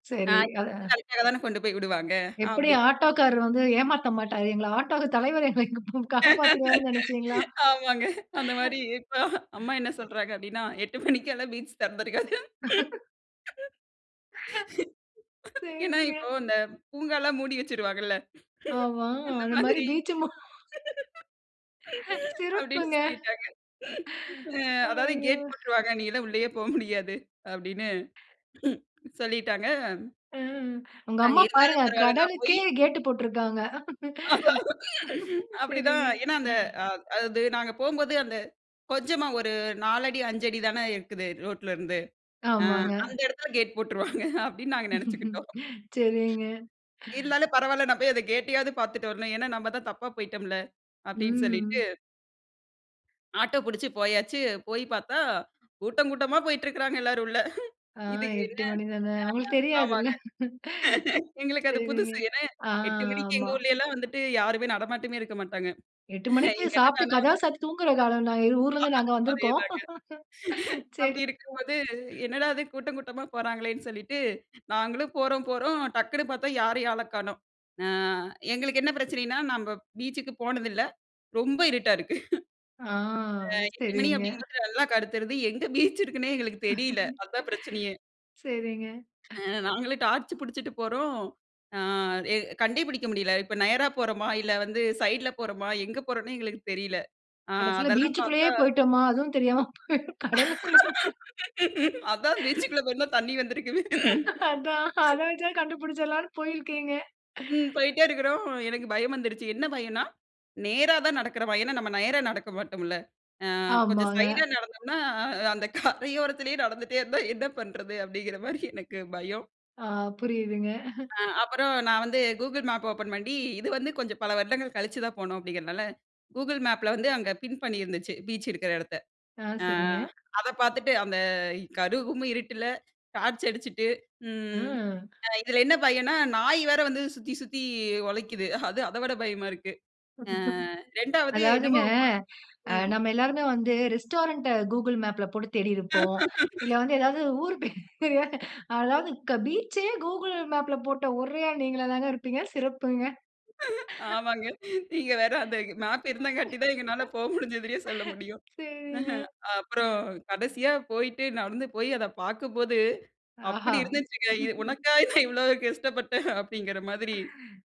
ஆ சரி. [unintelligible] ஆ. கரெக்டா தானே கொண்டு போய் விடுவாங்க எப்டி அப்டின்னு ஆட்டோ காரர் வந்து ஏமாத்த மாட்டாரு. எங்கள ஆட்டோ தலைவரு எங்கள காப்பாத்திருவாருன்னு நெனைச்சீங்களா? ஆமாங்க. அந்த மாரி இப்ப, அம்மா என்ன சொல்றாங்க அப்டின்னா, 8 மணிக்கெல்லாம் பீச் தெறந்திருக்காது. ஏன்னா, சரிங்க. இப்போ இந்த பூங்காலாம் மூடி வச்சுருவாங்கல்ல ஆமா, அந்த அது மாதிரி மாதிரி. பீச். மொ அப்டின்னு சிறப்புங்க. சொல்லிட்டாங்க. அ அதாவது ஐயோ! கேட் போட்ருவாங்க. நீ எல்லாம் உள்ளேயே போக முடியாது. அப்டின்னு சொல்லிட்டாங்க ம், உங்க நாங்க அம்மா இருந்தாலும் பாருங்க பரவாயில்ல நா போயி கடலுக்கே கேட் போட்டுருக்காங்க. அப்டிதான் சரிங்க. ஏன்னா அந்த அ அது நாங்க போம்போது, அந்த கொஞ்சமா ஒரு 4அடி 5 அடி தானே இருக்குது ரோட்ல இருந்து, ஆ ஆமாங்க. அந்த இடத்துல கேட் போட்ருவாங்க அப்டின்னு, நாங்க நெனைச்சுக்கிட்டோம். சரிங்க. இருந்தாலும் பரவாயில்ல, நான் போய் அத கேட்டையாவது பார்த்துட்டு வரணும். ஏன்னா நம்ம தான் தப்பா போயிட்டோம்ல அப்டின்னு சொல்லிட்டு ம். ஆட்டோ புடிச்சு போயாச்சு, போய் பார்த்தா கூட்டம் கூட்டமா போயிட்டு இருக்கறாங்க எல்லாரும் உள்ள. ஆ இதுக்கு என்ன 8 மணி தானே அவங்களுக்கு [unintelligible] தெரியாதுல்ல. ஆமாங்க. எங்களுக்கு அது சரிங்க, புதுசு ஏன்னா ஆ, 8 மணிக்கு எங்க ஆமா. ஊர்லல்லாம் வந்துட்டு, யாருமே நடமாட்டமே இருக்க மாட்டாங்க. 8 மணிக்கு இங்கே சாப்பிட்டு என்னடானா கதவ சாத்துட்டு தூங்குறக்காலம்ல ஆயிறும் ஊர்ல இருந்து நாங்க வந்திருக்கோம். அதேதாங்க. சரிங்க. அப்டி இருக்கும்போது என்னடா இது கூட்டம் கூட்டமா போறாங்களேன்னு சொல்லிட்டு, நாங்களும் போறோம் போறோம் டக்குனு பார்த்தா யாரையும் ஆள காணோம். ஆ எங்களுக்கு என்ன பிரச்சனைன்னா, நம்ம பீச்சுக்கு போனதில்ல ரொம்ப இருட்டா இருக்கு. ஆ ஆ 8 மணி சரிங்க. அப்படிங்கும் போது நல்லா கருத்துருது எங்கே பீச் இருக்குன்னே எங்களுக்கு தெரியல்ல. அதுதான் பிரச்சனையே. சரிங்க. அ நாங்களும் டார்ச் புடிச்சிட்டு போறோம், ஆ எ கண்டே புடிக்க முடியல இப்ப நேரா போறோமா? இல்ல வந்து சைடுல போறோமா? எங்க போறோம்ன்னே எங்களுக்கு தெரியல. அ கடைசில அதெல்லாம் பீச்க்குள்ளேயே பார்த்தா போய்ட்டோமா. அதுவும் தெரியாம போய் கடலுக்குள்ளேயே. அதான் பீச்க்குள்ள போயிருந்தா தண்ணீ வந்திருக்குமே. அதான் அத வச்சே கண்டுபுடுச்சிரலாம்ன்னு போயிருக்கீங்க. ம் போயிட்டே இருக்றோம் எனக்கு பயம் வந்துருச்சு. என்ன பயம்னா நேரா தான் நடக்கிறோமா? ஏன்னா நம்ம நேரா நடக்க மாட்டோம்ல. அ கொஞ்சம் ஆமாங்க. சைடுல நடந்தோம்னா அந்த கரையோரத்திலயே நடந்துகிட்டே இருந்தா, என்ன பண்றது? அப்டிங்கிற மாதிரி எனக்கு பயம். ஆ, புரியுதுங்க. ஆ அப்புறம் நான் வந்து கூகுள் மேப்ப ஓப்பன் பண்ணி, இது வந்து கொஞ்சம் பல வருடங்கள் கழிச்சுதான் போனோம் அப்டிங்கிறதுனால, கூகுள் மேப்ல வந்து அங்கே பின் பண்ணியிருந்துச்சு. பீச் இருக்கிற இடத்த. ஆ, அ சரிங்க. அத பார்த்துட்டு அந்த கரு 'கும்' இருட்டுல டார்ச் அடிச்சுட்டு ம் ம். இதில என்ன பயம்னா நாய் வேற வந்து சுத்தி சுத்தி குழைக்குது. அது அதை விட பயமா இருக்கு. ஆ 2வது அதாவதுங்க என்னமோ அ ம். நம்ம எல்லோருமே வந்து ரெஸ்டாரண்ட்ட கூகிள் மேப்ல போட்டு தேடிருப்போம். இல்ல வந்து ஏதாவது ஊர் பேரு அதாவது பீச்சயே கூகிள் மேப்ல போட்ட ஒரே ஆள் நீங்களாதாங்க இருப்பீங்க சிறப்புங்க. ஆமாங்க. நீங்க வேற அந்த மேப் இருந்தாங்காட்டி தான் எங்கனால போக முடிஞ்சதுன்னே சொல்ல முடியும். சேரிங்க. அஹ் அப்புறம் கடைசியா போயிட்டு நடந்து போயி அதை பார்க்கும்போது, ஆஹா! அப்டி இருந்துச்சுங்க. உனக்கா இவ்வளவு கஷ்டப்பட்டேன் அப்படின்கிற மாதிரி.